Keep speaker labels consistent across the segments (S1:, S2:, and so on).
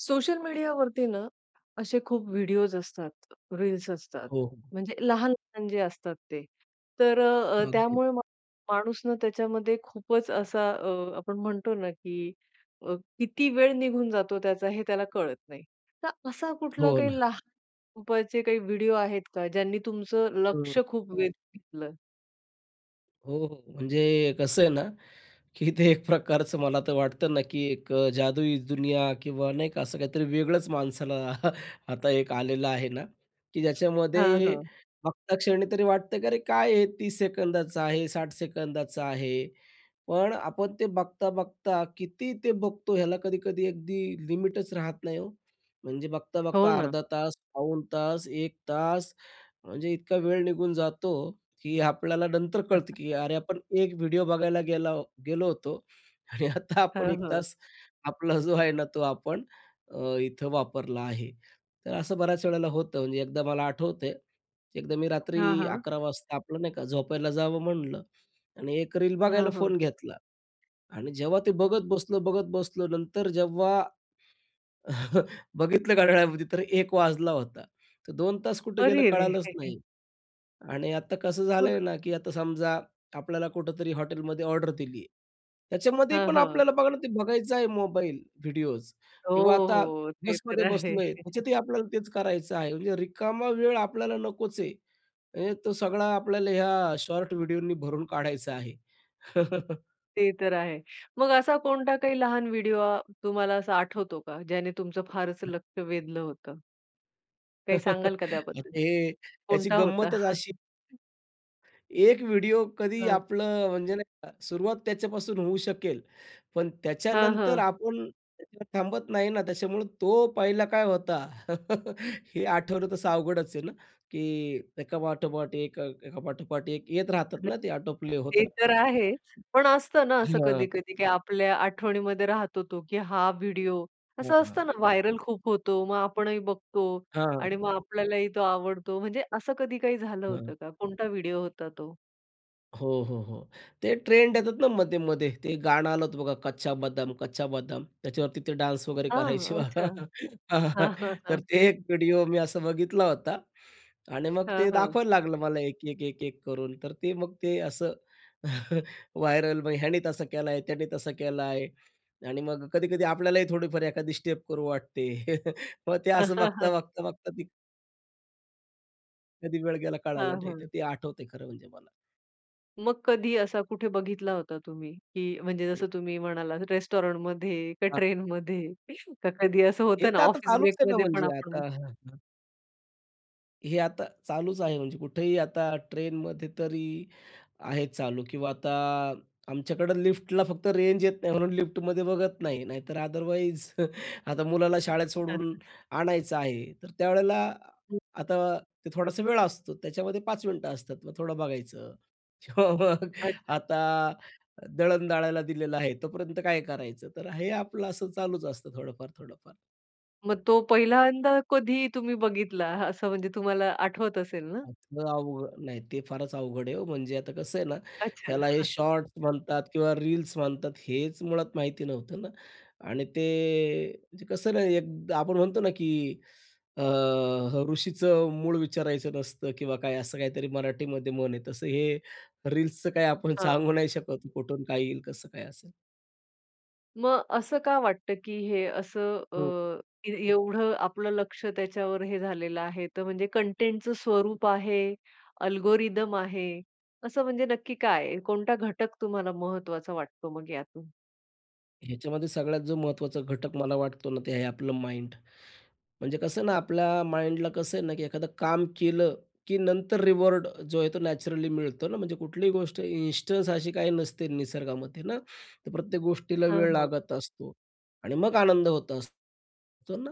S1: Social मीडियावरती ना, असे खूप व्हिडिओज असतात, रील्स असतात.
S2: हो, हो.
S1: म्हणजे लहान-लहान जे असतात ते. तर अ, अ,
S2: अगदी.
S1: त्यामुळे मग माणूस ना त्याच्यामध्ये खूपच असा अ, आपण म्हणतो ना की अ, किती वेळ निघून जातो त्याचा हे त्याला कळत नाही. तर असा कुठला
S2: हो ना.
S1: काही लहा [unintelligible] ...पचे काही व्हिडिओ आहेत का ज्यांनी तुमचं लक्ष
S2: हं.
S1: खूप वेध घेतलं?
S2: हो, हो. म्हणजे कसं आहे ना की ते एक प्रकारचं मला तर वाटतं ना की एक अ, जादुई दुनिया किंवा नाही का, असं काहीतरी वेगळंच माणसाला आता एक आलेलं आहे ना, की
S1: हां,
S2: ज्याच्यामध्ये
S1: हां.
S2: बघता क्षणी तरी वाटतं, की "अरे, काय आहे 30 सेकंदाचं आहे, 60 सेकंदाचा आहे." पण आपण ते बघता-बघता किती ते बघतो ह्याला कधी-कधी अगदी लिमिटच राहत नाही ओ! म्हणजे
S1: हो
S2: बघता-बघता
S1: ना.
S2: अर्धा तास, पाऊण तास, 1 तास. म्हणजे इतका वेळ निघून जातो, की आपल्याला नंतर कळतं, की "अरे, आपण एक व्हिडिओ बघायला गेला गेलो होतो आणि आता आपण
S1: हं,
S2: 1
S1: हं.
S2: तास आपला जो आहे ना तो आपण अ, इथं वापरला आहे." तर असं बऱ्याच वेळेला होतं. म्हणजे एकदा मला आठवतंय, की एकदा मी रात्री
S1: हां, हां.
S2: 11:00 वाजता आपलं, नाही का, झोपायला जावं म्हणलं आणि एक रील बघायला
S1: हां, हां.
S2: फोन घेतला. आणि जेव्हा ते बघत बसलो, बघत बसलो नंतर जेव्हा बघितलं घड्याळामध्ये तर 1:00 वाजला होता. तर 2 तास कुठं गेलं
S1: अरे रे!
S2: कळालंच नाही. आणि आता कसं
S1: मग
S2: झालंय ना की आता समजा आपल्याला कुठेतरी हॉटेलमध्ये ऑर्डर दिली आहे, त्याच्यामध्ये
S1: हां,
S2: पण
S1: हां.
S2: आपल्याला बघणं ते बघायचं आहे मोबाईल, व्हिडिओज,
S1: हो,
S2: किंवा आता
S1: हो. ते
S2: बसमध्ये
S1: तर आहे.
S2: बसलो आहे, त्याच्यातही आपल्याला तेच करायचं आहे म्हणजे रिकामा वेळ आपल्याला नकोच आहे. म्हणजे तो सगळा आपल्याला ह्या शॉर्ट व्हिडिओनी भरून काढायचा आहे.
S1: ते तर आहे. मग असा कोणता काही लहान व्हिडिओ आ तुम्हाला असा आठवतो का? ज्याने तुमचं फारच लक्ष वेधलं होतं? काही सांगाल का
S2: आता
S1: त्याबद्दल?
S2: हे, याची
S1: कोणता होता?
S2: गंमतच अशी एक व्हिडिओ कधी
S1: हां.
S2: आपलं म्हणजे, नाही का, सुरुवात त्याच्यापासून होऊ शकेल, पण
S1: हां,
S2: त्याच्यानंतर
S1: हां.
S2: आपण [unintelligible] थांबत नाही ना त्याच्यामुळं तो पहिला काय होता हे आठवलं तसं अवघडच आहे ना की एकापाठोपाठ एक, अ, एकापाठोपाठ एक येत राहतात
S1: [unintelligible]
S2: ना ते आटोप्ले होत
S1: ते तर
S2: राहतात.
S1: आहे. पण असतं ना असं
S2: हं.
S1: कधी-कधी की आपल्या आठवणीमध्ये राहतो तो की हा व्हिडिओ.
S2: हो
S1: असं
S2: ना.
S1: असतं ना व्हायरल खूप होतो, मग आपणही बघतो आणि
S2: हां.
S1: मग आपल्यालाही तो आवडतो. म्हणजे असं कधी काही झालं
S2: हां.
S1: होतं का? कोणता व्हिडिओ होता तो?
S2: हो, हो, हो. ते ट्रेंड येतात ना मध्ये-मध्ये. ते गाणं आलं होतं बघा कच्चा बदाम, कच्चा बदाम. त्याच्यावरती ते डान्स वगैरे करायचे
S1: हां,
S2: बघा.
S1: अच्छा.
S2: हां.
S1: हां, हां,
S2: तर
S1: हां.
S2: ते एक व्हिडिओ मी असा बघितला होता आणि मग ते
S1: हां, हां.
S2: दाखवायला लागलं मला एक, एक, एक, एक करून. तर ते मग ते असं व्हायरल मग ह्याने तसं केलाय, त्याने तसं केलाय आणि मग कधी-कधी आपल्यालाही थोडीफार एखादी स्टेप करू वाटते मग ते असं बघता, बघता, बघता ती कधी वेळ गेला कळाला
S1: हां,
S2: नाही तर
S1: हां.
S2: ते आठवतंय खरं म्हणजे मला.
S1: मग कधी असा कुठे बघितला होता तुम्ही, की म्हणजे,
S2: हं.
S1: जसं तुम्ही म्हणालात, रेस्टोरंटमध्ये, का
S2: आहे.
S1: ट्रेनमध्ये? का कधी असं
S2: हे
S1: होतं ना,
S2: तर आता
S1: ऑफिस
S2: चालूच आहे ना,
S1: ब्रेकमध्ये पण
S2: म्हणजे
S1: आपण
S2: आता. हे आता चालूच आहे. म्हणजे कुठेही, आता ट्रेनमध्ये तरी आहे चालू. किंवा आता आमच्याकडं लिफ्टला फक्त रेंज येत नाही, म्हणून लिफ्टमध्ये बघत नाही, नाहीतर अदरवाईज आता मुलाला शाळेत सोडून आणायचं आहे, तर त्यावेळेला
S1: हं.
S2: आता ते थोडासा वेळ असतो, त्याच्यामध्ये 5 मिनिटं असतात, मग थोडं बघायचं. किंवा मग
S1: अच्छा.
S2: आता दळण दळायला दिलेलं आहे, तोपर्यंत काय करायचं? तर हे आपलं असं चालूच असतं, थोडंफार, थोडंफार.
S1: मग तो पहिल्यांदा कधी तुम्ही बघितला, असं म्हणजे, तुम्हाला आठवत असेल ना?
S2: [unintelligible] अवघ नाही, ते फारच अवघड आहे ओ, म्हणजे आता कसं आहे ना,
S1: अच्छा.
S2: ह्याला हे शॉर्टस म्हणतात किंवा रील्स म्हणतात, हेच मुळात माहिती नव्हतं ना. आणि ते म्हणजे कसं ना, एक आपण म्हणतो ना, की अ, ह "ऋषीचं मूळ विचारायचं नसतं" किंवा काय, असं काहीतरी मराठीमध्ये म्हण आहे, तसं हे रील्सचं काही आपण
S1: हां, हां.
S2: सांगू नाही शकत, की कुठून काय येईल, कसं काय असेल.
S1: मग असं का वाटतं, की हे असं
S2: हं.
S1: अ, ए एवढं आपलं लक्ष त्याच्यावर हे झालेलं आहे, तर म्हणजे कंटेंटचं स्वरूप आहे, अल्गोरिदम आहे, असं म्हणजे नक्की काय आहे? कोणता घटक तुम्हाला महत्वाचा वाटतो मग यातून?
S2: ह्याच्यामध्ये सगळ्यात जो महत्त्वाचा घटक मला वाटतो ना ते आहे आपलं माईंड. म्हणजे कसं ना आपल्या माइंडला कसं आहे ना की एखादं काम केलं की नंतर रिवॉर्ड जो आहे तो नॅचरली मिळतो ना म्हणजे कुठलीही गोष्ट इन्स्टन्स अशी काही नसते निसर्गामध्ये ना. तर प्रत्येक गोष्टीला
S1: हां,
S2: वेळ
S1: हां.
S2: लागत असतो आणि मग आनंद होत असतो ना,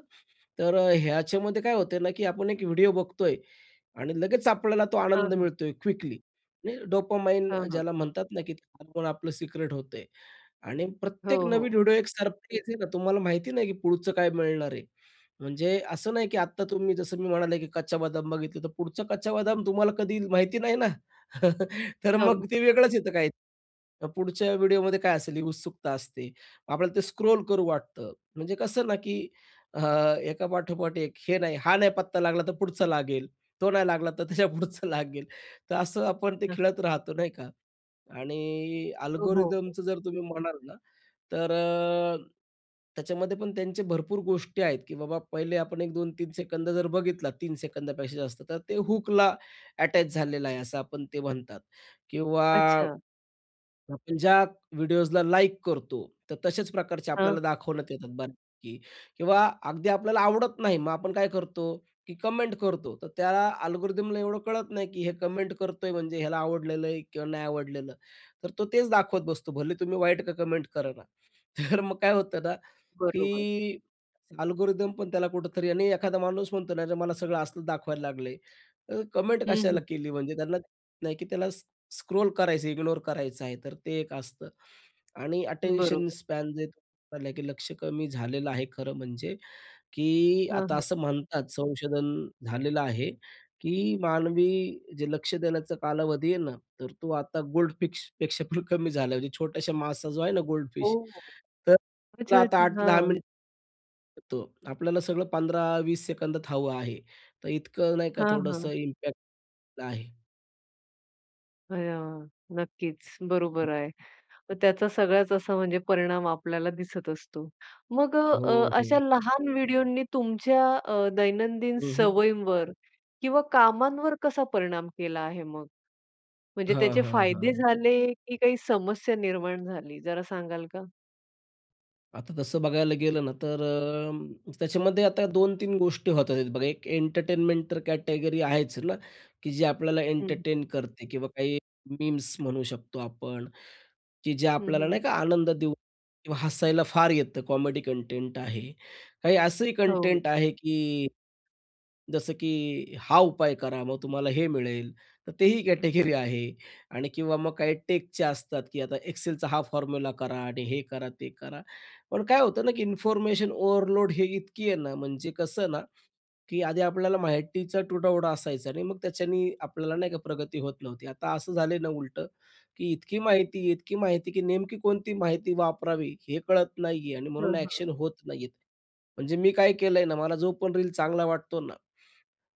S2: तर अ, ह्याच्यामध्ये काय होतंय ना की आपण एक व्हिडिओ बघतोय आणि लगेच आपल्याला तो
S1: हां,
S2: आनंद
S1: हां.
S2: मिळतो आहे, क्विकली, म्हणजे डोपामाइन अ,
S1: हां, हां.
S2: ज्याला म्हणतात ना की आपण आपलं सिक्रेट होतंय आणि
S1: हो,
S2: प्रत्येक नवीन
S1: हो.
S2: व्हिडिओ एक सरप्राईज आहे ना तुम्हाला माहिती नाही की पुढचं काय मिळणार आहे. म्हणजे असं नाही की आत्ता तुम्ही जसं मी म्हणाले की कच्चा बदाम बघितलं, तर पुढचा कच्चा बदाम तुम्हाला कधी येईल माहिती नाही ना, तर
S1: हो.
S2: मग ते वेगळंच येतं काही मग पुढच्या व्हिडिओमध्ये काय असेल ही उत्सुकता असते. आपल्याला ते स्क्रोल करू वाटतं. म्हणजे कसं ना, की अ, एकापाठोपाठ एक हे नाही हा नाही पत्ता लागला, तर पुढचा लागेल. तो नाही लागला तर त्याच्यापुढचं लागेल. तर असं आपण ते खेळत राहतो, नाही का? आणि
S1: हो, हो, हो.
S2: अल्गोरिथमचं जर तुम्ही म्हणाल ना तर अ, त्याच्यामध्ये पण त्यांचे भरपूर गोष्टी आहेत, की बाबा पहिले आपण 1-2-3 सेकंद जर बघितला, 3 सेकंदापेक्षा जास्त, तर ते हुकला अटॅच झालेलं आहे असं आपण ते म्हणतात किंवा
S1: अच्छा.
S2: आपण ज्या व्हिडिओजला लाइक करतो, तर तशाच प्रकारचे
S1: हां.
S2: आपल्याला दाखवण्यात येतात बऱ्यापैकी किंवा अगदी आपल्याला आवडत नाही, मग आपण काय करतो, की कमेंट करतो तर त्याला अल्गोरिथमला एवढं कळत नाही की हे कमेंट करतोय म्हणजे ह्याला आवडलेलं आहे किंवा नाही आवडलेलं. तर तो तेच दाखवत बसतो. भले तुम्ही वाईट का कमेंट करे ना. तर मग काय होतं ना,
S1: बरोबर.
S2: की अल्गोरिथम पण त्याला कुठेतरी आणि एखादा माणूस म्हणतो ना च्या मला सगळं असलं दाखवायला लागलंय, तर कमेंट
S1: हं, हं.
S2: कशाला केली म्हणजे त्यांना कळत नाही की त्याला स स्क्रोल करायचं, इग्नोर करायचं आहे. तर ते एक असतं आणि अटेंशन
S1: बरोबर.
S2: स्पॅन जे [unintelligible] की लक्ष कमी झालेलं आहे खरं म्हणजे, की
S1: हां,
S2: आता
S1: हां.
S2: असं म्हणतात, संशोधन झालेलं आहे, की मानवी जे लक्ष देण्याचा कालावधी आहे ना, तर तो आता गोल्डफिशपेक्षा पण कमी झालाय म्हणजे म्हणजे छोट्याशा मासा जो आहे ना गोल्डफिश,
S1: ओह!
S2: तर तर
S1: अच्छा,
S2: आता
S1: अच्छा.
S2: 8 ते 10
S1: हां.
S2: मिनिट अ, तो. आपल्याला सगळं 15-20 सेकंदात हवं आहे. तर इतकं, नाही का,
S1: हां, हां.
S2: थोडंसं इम्पॅक्ट आहे.
S1: अय्या! नक्कीच, बरोबर आहे. तर त्याचा सगळाच असा म्हणजे परिणाम आपल्याला दिसत असतो. मग अ अ,
S2: हो,
S1: अशा
S2: हो.
S1: लहान व्हिडिओनी तुमच्या अ, दैनंदिन
S2: हं, हं.
S1: सवयींवर किंवा कामांवर कसा परिणाम केला आहे मग. म्हणजे
S2: हां,
S1: त्याचे
S2: हां,
S1: फायदे
S2: हां.
S1: झाले, की काही समस्या निर्माण झाली जरा सांगाल का?
S2: आता तसं बघायला गेलं ना, तर अ, त्याच्यामध्ये आता 2-3 गोष्टी होत आहेत बघा. एक एंटरटेनमेंट तर कॅटेगरी आहेच ना, की जे आपल्याला
S1: हं.
S2: एंटरटेन करते किंवा काही मीम्स म्हणू शकतो आपण की ज्या
S1: हं,
S2: आपल्याला
S1: हं.
S2: नाही का आनंद देऊ किंवा हसायला फार येतं कॉमेडी कंटेंट आहे. काही असंही
S1: हो.
S2: कंटेंट आहे की जसं की हा उपाय करा, मग तुम्हाला हे मिळेल. तर तेही कॅटेगरी आहे. आणि किंवा मग काही टेकच्या असतात, की आता एक्सेलचा हा फॉर्म्युला करा आणि हे करा, ते करा. पण काय होतं ना, की इन्फॉर्मेशन ओव्हरलोड हे इतकी आहे ना, म्हणजे कसं ना, की आधी आपल्याला माहितीचा तुटवडा असायचा आणि मग त्याच्यानी आपल्याला नाही का प्रगती होत नव्हती. आता असं झालं ना उलटं, की इतकी माहिती, इतकी माहिती की नेमकी कोणती माहिती वापरावी हे कळत नाहीये आणि
S1: हां,
S2: म्हणून
S1: हां.
S2: ॲक्शन होत नाही आहेत. म्हणजे मी काय केलं आहे ना, मला जो पण रील चांगला वाटतो ना,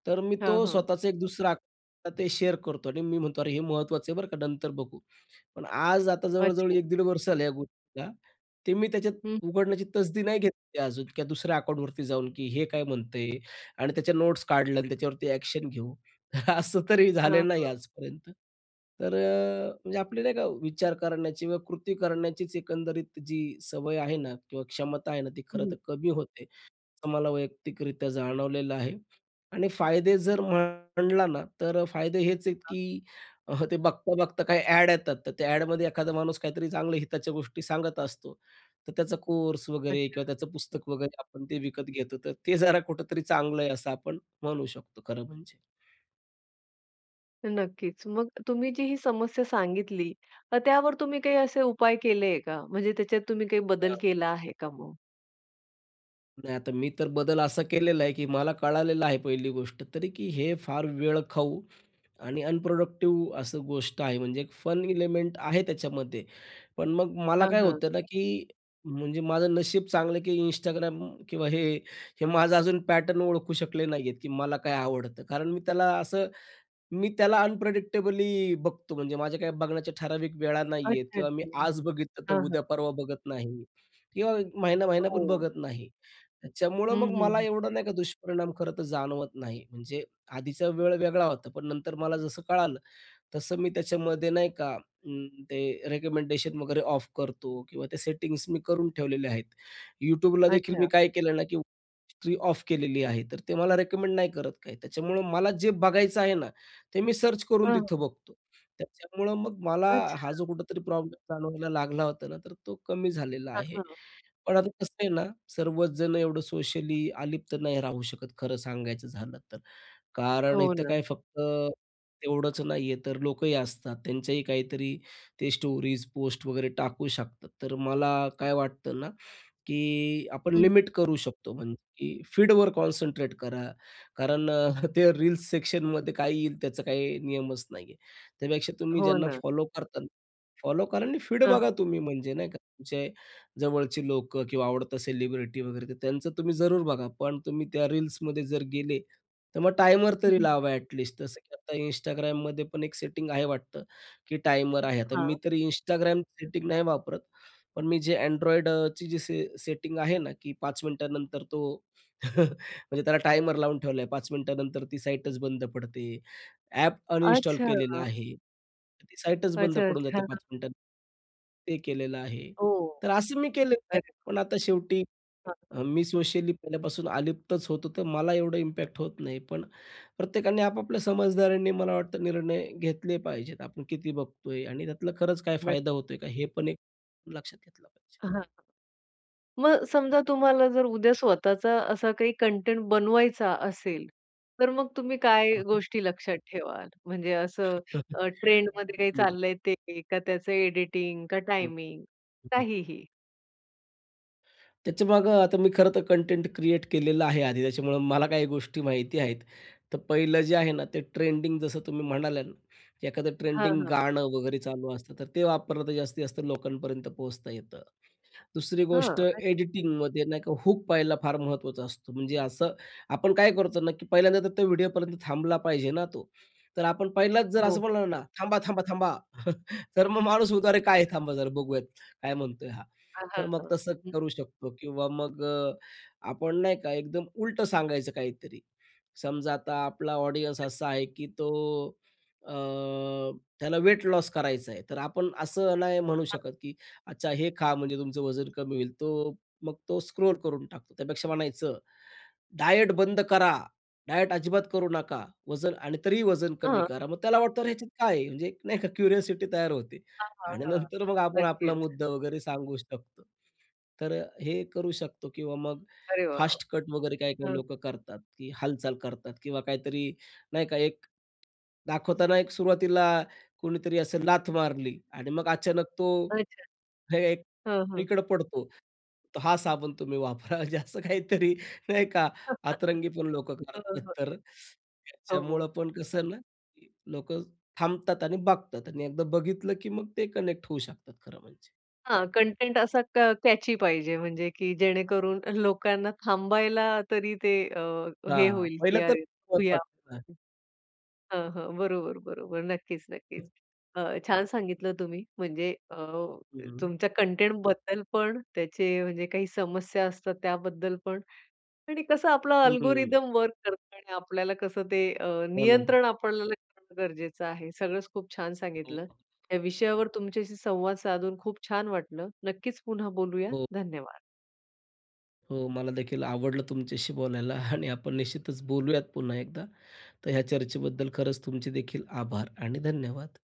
S2: तर मी
S1: हां,
S2: तो
S1: हां.
S2: स्वतःचं एक दुसरा अक ते शेअर करतो आणि मी म्हणतो "अरे हे महत्त्वाचं आहे बरं का, नंतर बघू". पण आज, आता जवळ-जवळ
S1: अच्छा.
S2: 1-1.5 वर्षं झालं आहे या गोष्टीला. ते मी त्याच्यात
S1: हं.
S2: उघडण्याची तसदी नाही घेतली अजून किंवा दुसऱ्या अकाऊंटवरती जाऊन, की हे काय म्हणतं आहे आणि त्याच्या नोट्स काढल्या आणि त्याच्यावरती ॲक्शन घेऊ. असं तरी
S1: हां,
S2: झालं नाही
S1: हां.
S2: आजपर्यंत. तर अ, म्हणजे आपली नाही का विचार करण्याची व कृती करण्याचीच एकंदरीत जी सवय आहे ना, किंवा क्षमता आहे ना, ती
S1: हं,
S2: खरं
S1: हं.
S2: तर कमी होते. असं मला वैयक्तिकरित्या जाणवलेलं आहे. आणि फायदे जर म्हटलं ना, तर अ, फायदे हेच आहेत, की अह, ते बघता-बघता काही ॲड येतात, तर त्या ॲडमध्ये एखादा माणूस काहीतरी चांगल्या हिताच्या गोष्टी सांगत असतो. तर त्याचा कोर्स वगैरे
S1: अच्छा.
S2: किंवा त्याचं पुस्तक वगैरे आपण ते विकत घेतो, तर ते जरा कुठेतरी चांगलं आहे असं आपण म्हणू शकतो, खरं म्हणजे.
S1: नक्कीच. मग तुम्ही जी ही समस्या सांगितली, मग त्यावर तुम्ही काही असे उपाय केले आहे का? म्हणजे त्याच्यात तुम्ही काही बदल
S2: हां.
S1: केला आहे का मग?
S2: नाही आता मी तर बदल असा केलेला आहे की मला कळालेलं आहे पहिली गोष्ट तरी की हे फार वेळखाऊ आणि अनप्रोडक्टिव असं गोष्ट आहे म्हणजे एक फन एलिमेंट आहे त्याच्यामध्ये, पण मग मला
S1: हां,
S2: काय
S1: हां.
S2: होतं ना की म्हणजे माझं नशीब चांगलं आहे की Instagram किंवा हे, हे माझं अजून पॅटर्न ओळखू शकले नाहीयेत की मला काय आवडतं. कारण मी त्याला असं मी त्याला अनप्रेडिक्टेबली बघतो. म्हणजे माझ्या काही बघण्याच्या ठराविक वेळा नाहीयेत
S1: अच्छा,
S2: किंवा मी
S1: अच्छा.
S2: आज बघितलं, तर
S1: हां, हां.
S2: उद्या-परवा बघत नाही किंवा महिना-महिना पण
S1: हो.
S2: बघत नाही. त्याच्यामुळं
S1: हं,
S2: मग
S1: हं.
S2: मला
S1: हं.
S2: एवढं नाही का दुष्परिणाम खरंतर जाणवत नाही. म्हणजे आधीचा वेळ वेगळा होता, पण नंतर मला जसं कळालं, तसं मी त्याच्यामध्ये, नाही का, अं, ते रेकमेंडेशन वगैरे ऑफ करतो किंवा त्या सेटिंग्स मी करून ठेवलेल्या आहेत. YouTubeला देखील मी
S1: अच्छा.
S2: काय केलं ना की हिस्ट्री ऑफ केलेली आहे तर ते मला रिकमेंड नाही करत काही, त्याच्यामुळं मला जे बघायचं आहे ना, ते मी सर्च करून
S1: हं.
S2: तिथं बघतो. त्याच्यामुळं मग मला हा
S1: अच्छा.
S2: जो कुठेतरी प्रॉब्लेम जाणवायला लागला होता ना, तर तो कमी झालेला
S1: हं,
S2: आहे.
S1: हं.
S2: पण आता कसं आहे ना सर्वच जण एवढं सोशली अलिप्त नाही राहू शकत खरं सांगायचं झालं तर. कारण
S1: हो
S2: इथं काय
S1: ना.
S2: फक्त तेवढंच नाही आहे तर लोकही असतात. त्यांच्याही काहीतरी ते स्टोरीज पोस्ट वगैरे टाकू शकतात. तर मला काय वाटतं ना की आपण
S1: हं, हं.
S2: लिमिट करू शकतो म्हणजे की फीडवर कॉन्सन्ट्रेट करा, कारण अ, ते रील्स सेक्शनमध्ये काय येईल, त्याचा काही नियमच नाही आहे. त्यापेक्षा तुम्ही
S1: हो
S2: ज्यांना
S1: ना.
S2: फॉलो करता, फॉलो करा आणि फीड
S1: हां, हां.
S2: बघा तुम्ही म्हणजे नाही का, तुमचे जवळचे लोक किंवा आवडतं सेलिब्रिटी वगैरे ते त्यांचं तुम्ही जरूर बघा, पण तुम्ही त्या रील्समध्ये जर गेले, तर मग टाईमर
S1: हं,
S2: तरी
S1: हं.
S2: लावा ॲट लीस्ट. जसं की आता Instagramमध्ये पण एक सेटिंग आहे वाटतं की टाईमर आहे. आता
S1: हां.
S2: मी तरी Instagram सेटिंग नाही वापरत, पण मी जे Android अ, ची जी सी सेटिंग आहे ना की 5 मिनिटानंतर तो म्हणजे त्याला टाईमर लावून ठेवला आहे. 5 मिनिटानंतर ती साईटच बंद पडते. ॲप अनइंस्टॉल
S1: अच्छा.
S2: केलेला आहे. तर ती साईटतच बंद
S1: अच्छा,
S2: पडून
S1: अच्छा.
S2: जाते 5 मिनिटां ते केलेलं आहे.
S1: ओह!
S2: तर असं मी केलेलं आहे,
S1: अरे.
S2: पण आता शेवटी
S1: हं, हं.
S2: अ, मी सोशली पहिल्यापासून अलिप्तच होतो, तर मला एवढं इम्पॅक्ट होत नाही, पण प्रत्येकाने आपापल्या समजदारीनी मला वाटतं निर्णय घेतले पाहिजेत. आपण किती बघतोय आणि त्यातलं खरंच काय
S1: नक्क.
S2: फायदा होतोय का, हे पण एक लक्षात घेतलं पाहिजे.
S1: हां, हां. मग समजा तुम्हाला जर उद्या स्वतःचा असा काही कंटेंट बनवायचा असेल, तर मग तुम्ही काय
S2: हां, हां.
S1: गोष्टी लक्षात ठेवाल? म्हणजे असं अ, ट्रेंडमध्ये काही
S2: हं.
S1: चाललंय ते? का त्याचं एडिटिंग? का
S2: हं.
S1: टायमिंग
S2: हं.
S1: काहीही?
S2: त्याच्यामागं, आता मी खरं तर कंटेंट क्रिएट केलेलं आहे आधी, त्याच्यामुळं मला काही गोष्टी माहिती आहेत. तर पहिलं जे आहे ना, ते ट्रेंडिंग जसं तुम्ही म्हणाल्या ना, की एखादं
S1: हां,
S2: ट्रेंडिंग
S1: हां.
S2: गाणं वगैरे चालू असतं, तर ते वापरलं तर जास्तीत जास्त लोकांपर्यंत पोहोचता येतं. दुसरी गोष्ट,
S1: हां. अच्छा.
S2: एडिटिंगमध्ये नाही का, हूक पहिला फार महत्त्वाचा असतो. म्हणजे असं आपण काय करतो ना, की पहिल्यांदा तर तो व्हिडिओपर्यंत थांबला पाहिजे ना तो. तर आपण पहिलाच जर
S1: हो,
S2: असं
S1: हो.
S2: म्हणालो ना, "थांबा, थांबा, थांबा!" तर मग माणूस म्हणतो, "अरे काय,
S1: [unintelligible]
S2: थांबा, जरा बघूयात काय म्हणतोय हा".
S1: हां, हां,
S2: तर मग
S1: हां.
S2: तसं
S1: हं.
S2: करू शकतो. किंवा मग अ, आपण नाही का, एकदम उलटं सांगायचं काहीतरी. समजा आता आपला ऑडियन्स असा आहे, की तो अ, त्याला व्हेट लॉस करायचं आहे, तर आपण असं नाही म्हणू
S1: हं.
S2: शकत, की "अच्छा हे खा, म्हणजे तुमचं वजन कमी होईल." तो मग तो स्क्रोल करून टाकतो. त्यापेक्षा म्हणायचं, "डायट बंद करा, डायट अजिबात करू नका, वजन आणि तरीही वजन कमी
S1: हं.
S2: करा." मग त्याला वाटतं, अरे, ह्याच्यात काय आहे? म्हणजे एक नाही का, क्युरिओसिटी तयार होते.
S1: हां, हां,
S2: आणि
S1: हां.
S2: नंतर मग आपण आपला
S1: नक्कीच.
S2: मुद्दा वगैरे सांगू शकतो. तर अ, हे करू शकतो. किंवा मग
S1: अरे वाह!
S2: फास्ट कट वगैरे काही-काही
S1: हं.
S2: लोक करतात, की हालचाल करतात. किंवा काहीतरी नाही का, एक दाखवताना एक सुरुवातीला कोणीतरी असं लाथ मारली आणि मग अचानक तो
S1: अच्छा.
S2: हे एक
S1: हं, हं.
S2: इकडं पडतो, "तर हा साबण तुम्ही वापरा," म्हणजे असं काहीतरी नाही का, अतरंगी पण लोक
S1: हो,
S2: करतात.
S1: हो.
S2: तर त्याच्यामुळं
S1: हो.
S2: पण कसं आहे ना, की लोक थांबतात आणि बघतात. आणि एकदा बघितलं, की मग ते कनेक्ट होऊ शकतात, खरं म्हणजे.
S1: हां. कंटेंट असा क कॅची पाहिजे, म्हणजे की जेणेकरून लोकांना थांबायला तरी ते अ, हे
S2: हां.
S1: होईल, की
S2: पहिलं तर
S1: अरे
S2: होत.
S1: बघूया.
S2: हं.
S1: हां, हां. बरोबर, बरोबर. नक्कीच,
S2: हं.
S1: नक्कीच. अ, छान सांगितलं तुम्ही, म्हणजे अ,
S2: हं.
S1: तुमच्या कंटेंटबद्दल पण, त्याचे म्हणजे काही समस्या असतात त्याबद्दल पण. आणि कसं आपला
S2: हं.
S1: अल्गोरिदम वर्क करतो आणि आपल्याला कसं ते अ,
S2: हो ना.
S1: नियंत्रण आपल्याला करणं गरजेचं आहे, सगळंच खूप छान
S2: हो.
S1: सांगितलं. या विषयावर तुमच्याशी संवाद साधून खूप छान वाटलं, नक्कीच पुन्हा बोलूया.
S2: हो.
S1: धन्यवाद.
S2: हो. मला देखील आवडलं तुमच्याशी बोलायला आणि आपण निश्चितच बोलूयात पुन्हा एकदा. तर ह्या चर्चेबद्दल खरंच तुमचे देखील आभार आणि धन्यवाद.